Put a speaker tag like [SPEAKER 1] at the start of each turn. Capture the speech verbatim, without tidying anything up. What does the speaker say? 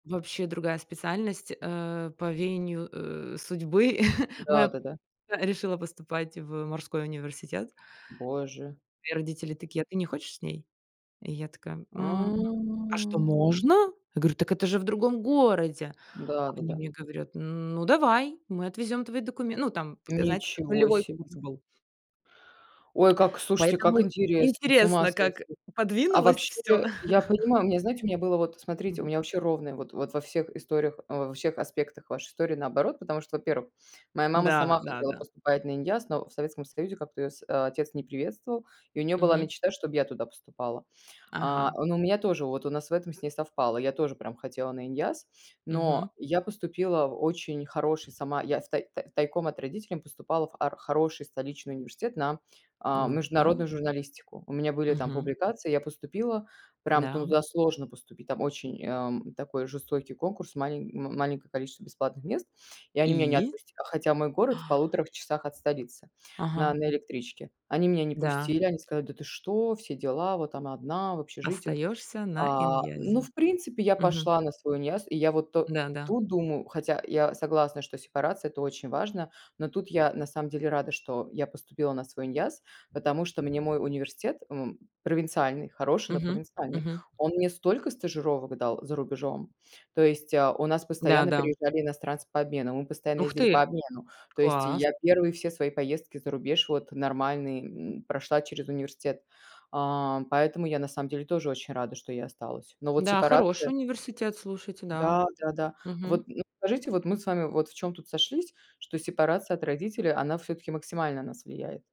[SPEAKER 1] Вообще другая специальность, э, по веянию, э, судьбы. Моя
[SPEAKER 2] Да-да-да.
[SPEAKER 1] подруга решила поступать в морской университет.
[SPEAKER 2] Боже.
[SPEAKER 1] Мои родители такие: "А ты не хочешь с ней?" И я такая: "М м, а что
[SPEAKER 2] А.
[SPEAKER 1] можно?" Я говорю: "Так это же в другом городе". А они
[SPEAKER 2] Да-да-да.
[SPEAKER 1] мне говорят, н ну, давай, мы отвезём твои докуме ну, там показать,
[SPEAKER 2] Ничего
[SPEAKER 1] нулевой курс
[SPEAKER 2] себе.
[SPEAKER 1] был.
[SPEAKER 2] Ой, как слушайте, как
[SPEAKER 1] Поэтому
[SPEAKER 2] интересно, с ума
[SPEAKER 1] интересно, как
[SPEAKER 2] сойти. А
[SPEAKER 1] подвинулось
[SPEAKER 2] вообще
[SPEAKER 1] всё.
[SPEAKER 2] я понимаю, у меня, знаете, у меня было вот, смотрите, у
[SPEAKER 1] Мгм.
[SPEAKER 2] меня вообще ровное вот вот во всех историях а, в во всех аспектах вашей истории наоборот, потому что, во-первых, моя мама
[SPEAKER 1] Да,
[SPEAKER 2] сама хотела
[SPEAKER 1] да-да.
[SPEAKER 2] поступать на иняз, но в Советском Союзе как-то её сь а, отец не приветствовал, и у нее была
[SPEAKER 1] Мгм.
[SPEAKER 2] мечта, чтоб я туда поступала. А,
[SPEAKER 1] Ага.
[SPEAKER 2] но у меня тоже вот у нас в этом с ней совпало. Я тоже прям хотела на иняз,
[SPEAKER 1] Мгм.
[SPEAKER 2] но я поступила в очень хороший сама, я в тай тай тайком от родителем поступала в ар хороший столичный университет на, а,
[SPEAKER 1] Ну-ка.
[SPEAKER 2] международную журналистику. У меня были там
[SPEAKER 1] Мгм.
[SPEAKER 2] публикации. Я поступила, прям
[SPEAKER 1] Н-да, м
[SPEAKER 2] туда сложно поступить, там очень, ам, такой жестокий конкурс, малень м маленькое количество бесплатных мест, и они меня не
[SPEAKER 1] И?
[SPEAKER 2] отпустят, а, хотя мой город в полуторах часах от столицы на
[SPEAKER 1] Ага.
[SPEAKER 2] на электричке. Они меня не
[SPEAKER 1] Да.
[SPEAKER 2] пустили, они сказали: "Да ты что? Все дела, вот там одна в общежитии".
[SPEAKER 1] Остаешься на
[SPEAKER 2] А, ну,
[SPEAKER 1] инязе.
[SPEAKER 2] в принципе, я
[SPEAKER 1] Мгм.
[SPEAKER 2] пошла на свой иняз, и я вот
[SPEAKER 1] Да-да.
[SPEAKER 2] тут думаю, хотя я согласна, что сепарация- это очень важно, но тут я, на самом деле, рада, что я поступила на свой иняз, потому что мне мой университет, м м, провинциальный, хороший, но
[SPEAKER 1] Мгм,
[SPEAKER 2] провинциальный,
[SPEAKER 1] мгм.
[SPEAKER 2] он мне столько стажировок дал за рубежом, то есть, э, у нас постоянно
[SPEAKER 1] Да-да.
[SPEAKER 2] приезжали иностранцы по обмену, мы постоянно
[SPEAKER 1] Ух
[SPEAKER 2] ездили
[SPEAKER 1] ты!
[SPEAKER 2] по обмену, то есть и
[SPEAKER 1] Класс.
[SPEAKER 2] я первые все свои поездки за рубеж, вот нормальные, м, прошла через университет, ам, поэтому я на самом деле тоже очень рада, что я осталась. Но вот
[SPEAKER 1] Да, хороший
[SPEAKER 2] сепарация?
[SPEAKER 1] университет, слушайте, да.
[SPEAKER 2] Да, да, да.
[SPEAKER 1] Мгм.
[SPEAKER 2] Вот, ну, скажите, вот мы с вами вот в чем тут сошлись, что сепарация от родителей, она все-таки максимально на нас влияет.